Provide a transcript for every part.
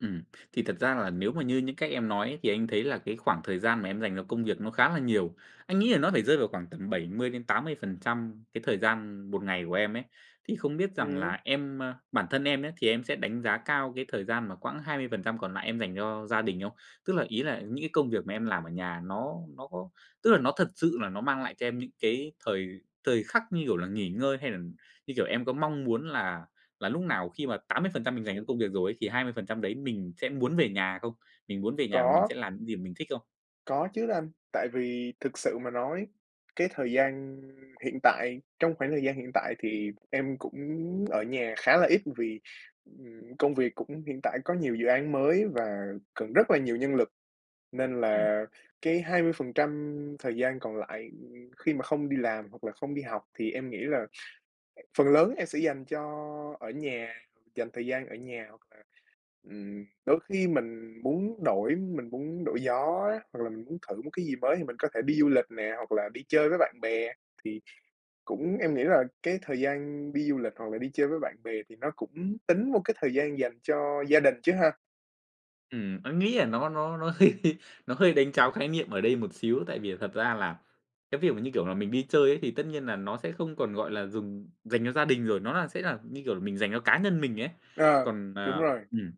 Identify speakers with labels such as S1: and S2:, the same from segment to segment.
S1: Ừm. Thì thật ra là nếu mà như những cách em nói thì anh thấy là cái khoảng thời gian mà em dành cho công việc nó khá là nhiều, anh nghĩ là nó phải rơi vào khoảng tầm 70%-80% cái thời gian 1 ngày của em ấy. Thì không biết rằng
S2: Ừm.
S1: là em, ơ bản thân em ấy thì em sẽ đánh giá cao cái thời gian mà quãng 20% còn lại em dành cho gia đình không? Tức là ý là những cái công việc mà em làm ở nhà nó nó có tức là nó thật sự là nó mang lại cho em những cái thời thời khắc, như kiểu là, nghỉ ngơi, hay là, như kiểu, em có mong muốn là là lúc nào khi mà 80% mình dành cho công việc rồi ấy thì 20% đấy mình sẽ muốn về nhà không? Mình muốn về nhà mình
S2: Có.
S1: sẽ làm những gì mà mình thích không?
S2: Có chứ anh. Tại vì thực sự mà nói, cái thời gian hiện tại trong khoảng thời gian hiện tại thì em cũng ở nhà khá là ít vì, ừm, công việc cũng hiện tại có nhiều dự án mới và cần rất là nhiều nhân lực. Nên
S1: Ừm.
S2: là cái 20% thời gian còn lại, ừm, khi mà không đi làm, hoặc là không đi học thì em nghĩ là phần lớn em sẽ dành cho ở nhà, dành thời gian ở nhà. Hoặc là, ừm, đôi khi mình muốn đổi mình muốn đổi gió á, hoặc là mình muốn thử một cái gì mới thì mình có thể đi du lịch nè, hoặc là đi chơi với bạn bè. Thì cũng em nghĩ là cái thời gian đi du lịch hoặc là đi chơi với bạn bè thì nó cũng tính vô cái thời gian dành cho gia đình chứ ha?
S1: Ừm, anh nghĩ là nó nó nó hơi nó hơi đánh tráo khái niệm ở đây một xíu, tại vì là thật ra là cái việc mà, như kiểu là, mình đi chơi ấy, thì tất nhiên là nó sẽ không còn, gọi là, dùng dành cho gia đình rồi, nó là sẽ là như kiểu mình dành cho cá nhân mình ấy.
S2: À.
S1: Còn,
S2: Đúng
S1: ờ,
S2: rồi.
S1: ừm,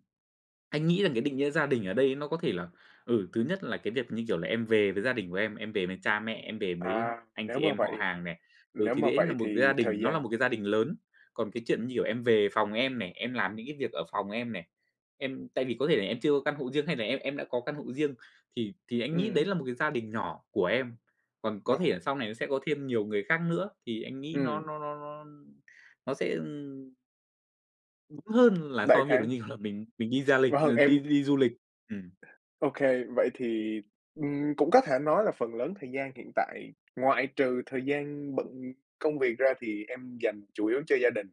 S1: anh nghĩ rằng cái định nghĩa gia đình ở đây nó có thể là, ừ, thứ nhất là cái việc như kiểu là em về với gia đình của em, em về với cha mẹ, em về với
S2: À.
S1: anh
S2: Nếu
S1: chị
S2: mà
S1: em họ
S2: vậy
S1: hàng này. Ừ,
S2: nếu
S1: thì
S2: mà
S1: đấy là
S2: vậy
S1: một cái gia
S2: thì
S1: đình,
S2: thời
S1: nó là
S2: gian
S1: một cái gia đình lớn. Còn cái chuyện như kiểu em về phòng em này, em làm những cái việc ở phòng em này, em tại vì có thể là em chưa có căn hộ riêng hay là em em đã có căn hộ riêng thì thì anh
S2: Ừm
S1: nghĩ đấy
S2: hứm.
S1: là một cái gia đình nhỏ của em. Còn có thể là
S2: Wow!
S1: sau này nó sẽ có thêm nhiều người khác nữa thì anh nghĩ nó
S2: Ừm.
S1: nó nó nó nó sẽ, ưm đúng hơn là so
S2: Đại
S1: với việc là,
S2: khái.
S1: như kiểu là, mình mình đi gia lịch
S2: Vâng,
S1: ờ, đi
S2: em
S1: đi du lịch. Ừm.
S2: OK, vậy thì, ừm, cũng có thể nói là phần lớn thời gian hiện tại ngoại trừ thời gian bận công việc ra thì em dành chủ yếu cho gia đình.